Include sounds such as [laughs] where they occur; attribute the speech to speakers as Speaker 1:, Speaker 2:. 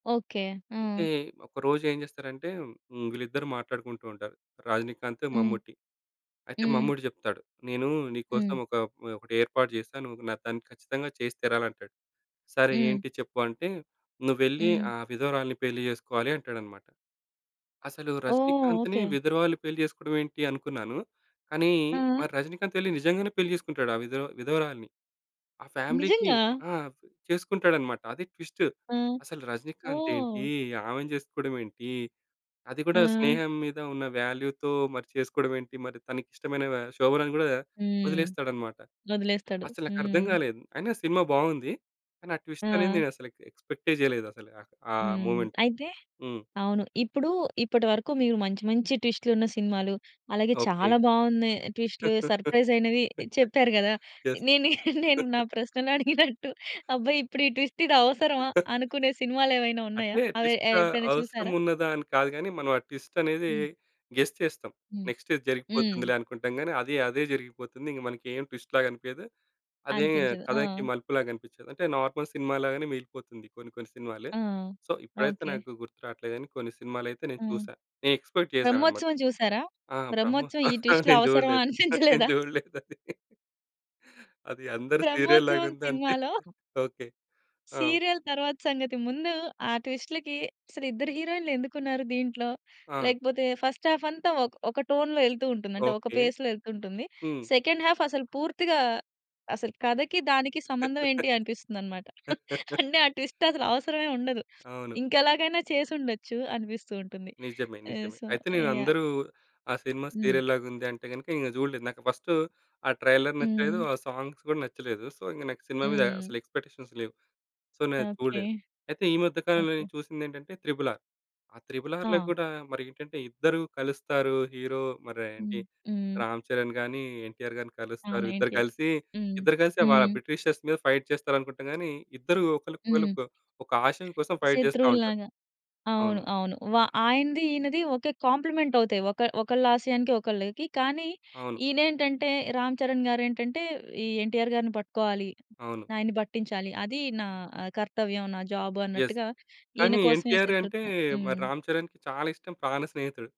Speaker 1: Okay. హ్మ్.
Speaker 2: అయితే ఒకరోజు ఏం చేస్తారంటే హ్మ్, వీళ్ళిద్దరూ మాట్లాడుకుంటూ ఉంటారు. రజనీకాంత్,
Speaker 1: హ్మ్.
Speaker 2: మమ్ముటి. అయితే
Speaker 1: హ్మ్.
Speaker 2: మమ్ముట్టి చెప్తాడు. నేను నీకోసం
Speaker 1: హ్మ్.
Speaker 2: ఒక ఒక ఒకటి ఏర్పాటు జేశా. నువ్వు న దాన్ని ఖచ్చితంగా చేసి తీరాలి అంటాడు. సరే
Speaker 1: హ్మ్.
Speaker 2: ఏంటి చెప్పు అంటే, నువ్వు వెళ్లి
Speaker 1: హ్మ్.
Speaker 2: ఆ విధవరాలిని పెళ్లి జేసుకోవాలి అంటాడన్నమాట. అసలు
Speaker 1: ఓహ్!
Speaker 2: రజనీకాంత్‌ని
Speaker 1: ఓకే.
Speaker 2: విధవరాలు పెళ్లి చేసుకోవడం ఏంటి అనుకున్నాను. కానీ
Speaker 1: ఆ!
Speaker 2: మరి రజనీకాంత్ వెళ్లి నిజంగానే పెళ్లి చేసుకుంటాడు ఆ విదవ్ విధవరాలుని. ఆ ఫ్యామిలీ‌కి
Speaker 1: నిజంగా!
Speaker 2: ఆ! చేసుకుంటాడన్నమాట. అది ట్విస్ట్.
Speaker 1: ఆ!
Speaker 2: అసలు రజనీకాంత్
Speaker 1: ఓహ్!
Speaker 2: ఏంటి? ఆమెని చేసుకోవడం ఏంటి? అది కూడా
Speaker 1: ఆ!
Speaker 2: స్నేహం మీద ఉన్న వాల్యూ‌తో మరి చేసుకోవడం ఏంటి? మరి తనకి ఇష్టమైన వ శోభనని గూడా వ
Speaker 1: హ్మ్.
Speaker 2: వదిలేస్తాడన్నమాట.
Speaker 1: వదిలేస్తాడు.
Speaker 2: అసలు నాకర్థం
Speaker 1: హ్మ్.
Speaker 2: గాలేదు. అయినా సినిమా బావుంది. కానీ, ఆ ట్విస్ట్ అనేది
Speaker 1: ఆ!
Speaker 2: నేను అసలు ఇంకా ఎక్స్‌పెక్టే జేయలేదసలు. ఆ
Speaker 1: హ్మ్.
Speaker 2: మొమెంట్.
Speaker 1: అయితే
Speaker 2: హ్మ్.
Speaker 1: అవును. ఇప్పుడు ఇప్పటి వరకు మీరు మంచి మంచి ట్విస్ట్‌లున్న సినిమాలు, అలాగే
Speaker 2: ఓకే.
Speaker 1: చాలా బాగున్నాయి ట్విస్ట్‌లు,
Speaker 2: [chuckles]
Speaker 1: సర్ప్రైజ్ అయినవి చెప్పారు గదా?
Speaker 2: యెస్.
Speaker 1: నేనే నేను నా
Speaker 2: [chuckles]
Speaker 1: ప్రశ్నలు అడిగినట్టు అబ్బా! ఇప్పుడు ఈ ట్విస్ట్ ఇది అవసరమా?
Speaker 2: హుహు.
Speaker 1: అనుకునే సినిమాలేమైనా ఉన్నాయా?
Speaker 2: అంటే
Speaker 1: అవి ఎ
Speaker 2: ట్విస్ట్
Speaker 1: ఎప్పుడైనా
Speaker 2: అవసరం
Speaker 1: చూసారా?
Speaker 2: ఉన్నదా? అని కాదు గాని. మనం ఆ ట్విస్ట్ అనేది
Speaker 1: హ్మ్.
Speaker 2: గెస్ చేస్తాం.
Speaker 1: హ్మ్.
Speaker 2: నెక్స్ట్ ఇది
Speaker 1: హ్మ్.
Speaker 2: జరిగిపోతుందిలే అనుకుంటాం గానీ, అది అదే జరిగిపోతుంది. ఇంగా మనకేం ట్విస్ట్‌లాగా అనిపియదు. అదే
Speaker 1: అనిపించదు.
Speaker 2: కథకి
Speaker 1: ఆ!
Speaker 2: మలుపులాగా అనిపించదు. అంటే నార్మల్ సినిమా లాగానే మిగిలిపోతుంది కొన్ని కొన్ని సినిమాలు.
Speaker 1: ఆ!
Speaker 2: సో ఇప్పుడైతే
Speaker 1: ఓకే.
Speaker 2: నాకు గుర్తు రావట్లేదు గాని కొన్ని సినిమాలైతే నేను
Speaker 1: హ్మ్.
Speaker 2: చూసా. నేను ఎక్స్‌పెక్ట్ చేశానన్నమాట.
Speaker 1: 'బ్రహ్మోత్సవం' చూసారా?
Speaker 2: ఆ!
Speaker 1: 'బ్రహ్మోత్సవం' ఈ
Speaker 2: 'బ్రహ్మోత్సవం' నేను
Speaker 1: ట్విస్ట్‌లవసరమా
Speaker 2: చూడలేదు.
Speaker 1: [chuckles]
Speaker 2: నేను
Speaker 1: అనిపించలేదా?
Speaker 2: చూడలేదది. అది అందరు సీరియల్‌లాగా [chuckles]
Speaker 1: 'బ్రహ్మోత్సవం'
Speaker 2: ఉంది అంటే
Speaker 1: సినిమాలో
Speaker 2: ఓకే. ఆ!
Speaker 1: సీరియల్ తరువాత సంగతి. ముందు ఆ ట్విస్ట్‌లకి అసలు ఇద్దరు హీరోయిన్‌లు ఎందుకు ఉన్నారు దీంట్లో?
Speaker 2: ఆ!
Speaker 1: లేకపోతే ఫస్ట్ హాఫ్ అంతా ఒక ఒక టోన్‌లో ఎళ్తూ ఉంటుంది. అంటే ఒక
Speaker 2: ఓకే.
Speaker 1: పేస్‌లొ ఎళ్తూ ఉంటుంది.
Speaker 2: హ్మ్.
Speaker 1: సెకండ్ హాఫ్ అసలు పూర్తిగా అసలు కథకి, దానికి సంబంధం ఏంటి అనిపిస్తుందన్నమాట.
Speaker 2: [laughs]
Speaker 1: అంటే ఆ ట్విస్ట్ అసలు అవసరమే ఉండదు.
Speaker 2: అవును.
Speaker 1: ఇంకెలాగైనా చేసుండొచ్చు అనిపిస్తూ ఉంటుంది.
Speaker 2: నిజమే,
Speaker 1: ఆహ్,
Speaker 2: నిజమే.
Speaker 1: సో
Speaker 2: అయితే నేను
Speaker 1: యాహ్!
Speaker 2: అందరూ ఆ సినిమా
Speaker 1: హ్మ్.
Speaker 2: సీరియల్‌లాగా ఉంది అంటే గనక ఇంగ జూడలేదు. నాకు ఫస్ట్ ఆ ట్రైలర్ నచ్చలేదు.
Speaker 1: హ్మ్.
Speaker 2: ఆ సాంగ్స్ కూడా నచ్చలేదు. సో ఇంక నాకు సినిమా మీద
Speaker 1: హ్మ్.
Speaker 2: అసలు ఎక్స్‌పెక్టేషన్స్ లేవు. సో నేనది
Speaker 1: ఓకే.
Speaker 2: చూడలేదు. అయితే ఈ మధ్య కాలంలో
Speaker 1: ఓకే.
Speaker 2: నేను చూసిందేంటంటే 'త్రిబుల్ ఆర్.' ఆ 'త్రిబుల్ ఆర్‌'లో
Speaker 1: ఆ!
Speaker 2: కూడా మరేంటంటే ఇద్దరు కలుస్తారు. హీరో మరి
Speaker 1: హ్మ్.
Speaker 2: ఏంటి
Speaker 1: హ్మ్.
Speaker 2: రామ్ చరణ్ గాని, ఎన్‌టి‌ఆర్ గారిని కలుస్తారు.
Speaker 1: అవును.
Speaker 2: ఇద్దరు
Speaker 1: ఎన్‌టి‌ఆర్.
Speaker 2: కలిసి,
Speaker 1: హ్మ్.
Speaker 2: ఇద్దరు కలిసే వాళ్ళ
Speaker 1: హ్మ్.
Speaker 2: బ్రిటిషర్స్ మీద ఫైట్ చేస్తారనుకుంటాం గాని, ఇద్దరు ఒకళ్ళకి
Speaker 1: హ్మ్.
Speaker 2: క ఒక ఆశయం కోసం ఫైట్ జేస్తా ఉంటారు.
Speaker 1: శత్రువుల్లాగా. అవును.
Speaker 2: అవును.
Speaker 1: అవును. వ ఆయనది ఈయనది ఒకే కాంప్లిమెంట్ అవుతాయి. ఒక ఒకళ్ళ ఆశయానికి ఒకళ్ళకి. కానీ
Speaker 2: అవును.
Speaker 1: ఈనేంటంటే రామ్ చరణ్ గారేంటంటే, ఈ ఎన్‌టి‌ఆర్ గారిని పట్టుకోవాలి.
Speaker 2: అవును.
Speaker 1: ఆయన్ని పట్టించాలి. అది నా కర్తవ్యం. నా జాబ్
Speaker 2: యెస్.
Speaker 1: అన్నట్టుగా, ఈయన
Speaker 2: కానీ,
Speaker 1: కోసమే
Speaker 2: ఎన్‌టి‌ఆర్ అంటే
Speaker 1: శతృత్వం.
Speaker 2: మరి
Speaker 1: హ్మ్.
Speaker 2: రామ్ చరణ్‌కి చాలా ఇష్టం ప్రాణ స్నేహితుడు.